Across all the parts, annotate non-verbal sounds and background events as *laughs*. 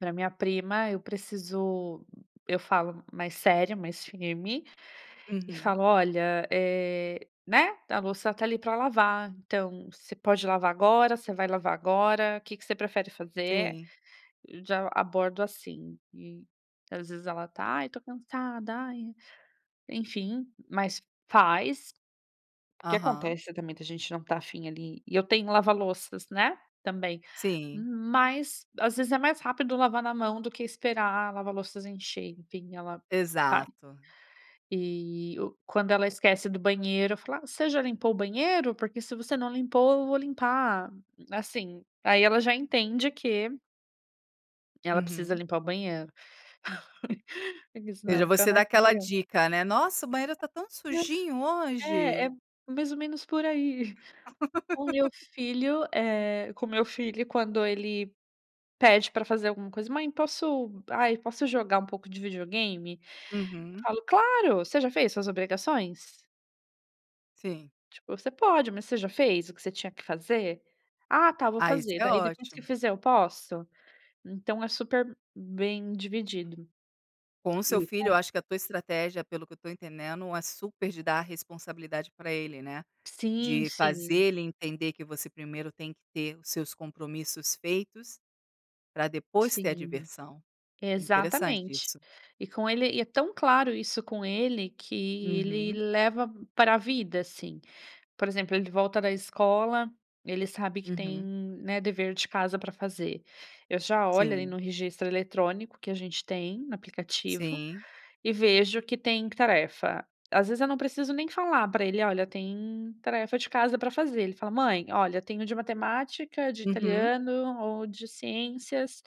Pra minha prima eu preciso eu falo mais sério, mais firme, e Uhum. falo: "Olha, eh, né, a louça tá ali para lavar, então você pode lavar agora, você vai lavar agora, o que que você prefere fazer?". Sim. Já abordo assim, e às vezes ela tá: "Ai, tô cansada, ai", enfim, mas faz. O que Aham. acontece, também, da gente não estar afim ali, e eu tenho lava-louças, né, também. Sim. Mas às vezes é mais rápido lavar na mão do que esperar a lava-louças encher, enfim, ela vai. Exato. E o quando ela esquece do banheiro, eu falo: "Ah, você já limpou o banheiro? Porque se você não limpou, eu vou limpar". Assim, aí ela já entende que ela precisa Uhum. limpar o banheiro, *laughs* porque se Veja, não fica você na. dá aquela *unintelligible* dica, né: "Nossa, o banheiro tá tão É. sujinho "É é hoje". m mais ou menos por aí". *chuckles* O meu *laughs* filho, eh, com o meu filho, quando ele pede pra fazer alguma coisa: "Mãe, posso ai, posso jogar um pouco de videogame?", eu Uhum. falo: "Claro, você já fez suas obrigações?". Sim. Tipo, "Você pode, mas você já fez o que você tinha que fazer?". "Ah tá, vou Ah, isso fazer. é Daí depois que ótimo. fizer, eu posso?". Então é super bem dividido. Com o seu E filho, eu com acho que a tua estratégia, pelo que eu tô entendendo, é super de dar responsabilidade para ele, né. Sim, De fazer sim. ele entender que você primeiro tem que ter os seus compromissos feitos, pra depois ter a Sim. diversão. Interessante Exatamente. isso. E com ele e é tão claro isso com ele, que ele Uhum. leva pra vida, assim. Por exemplo, ele volta da escola, ele sabe que tem, Uhum. né, dever de casa para fazer. Eu já olho ali Sim. no registro eletrônico, que a gente tem no aplicativo, Sim. e vejo que tem tarefa. Às vezes eu não preciso nem falar pra ele: "Olha, tem tarefa de casa para fazer", ele fala: "Mãe, olha, eu tenho de matemática, de Uhum. italiano, ou de ciências",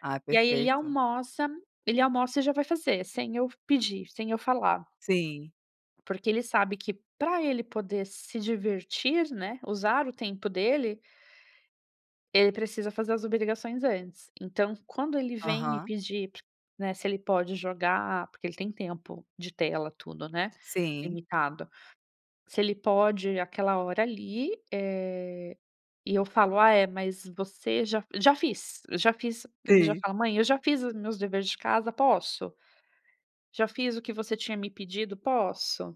Ah, e aí ele perfeito. almoça ele almoça e já vai fazer, sem eu pedir, sem eu falar. Sim. Porque ele sabe que pra ele poder se divertir, né, usar o tempo dele ele precisa fazer as obrigações antes. Então quando ele vem me Aham. pedir, né, se ele pode jogar, porque ele tem tempo de tela, tudo, né, Sim. limitado. Se ele pode aquela hora ali, eh, e eu falo: "Ah é, mas você já", "Já fiz, já fiz", ele já Sim. fala: "Mãe, eu já fiz os meus dever de casa. Posso? Já fiz o que você tinha me pedido. Posso?".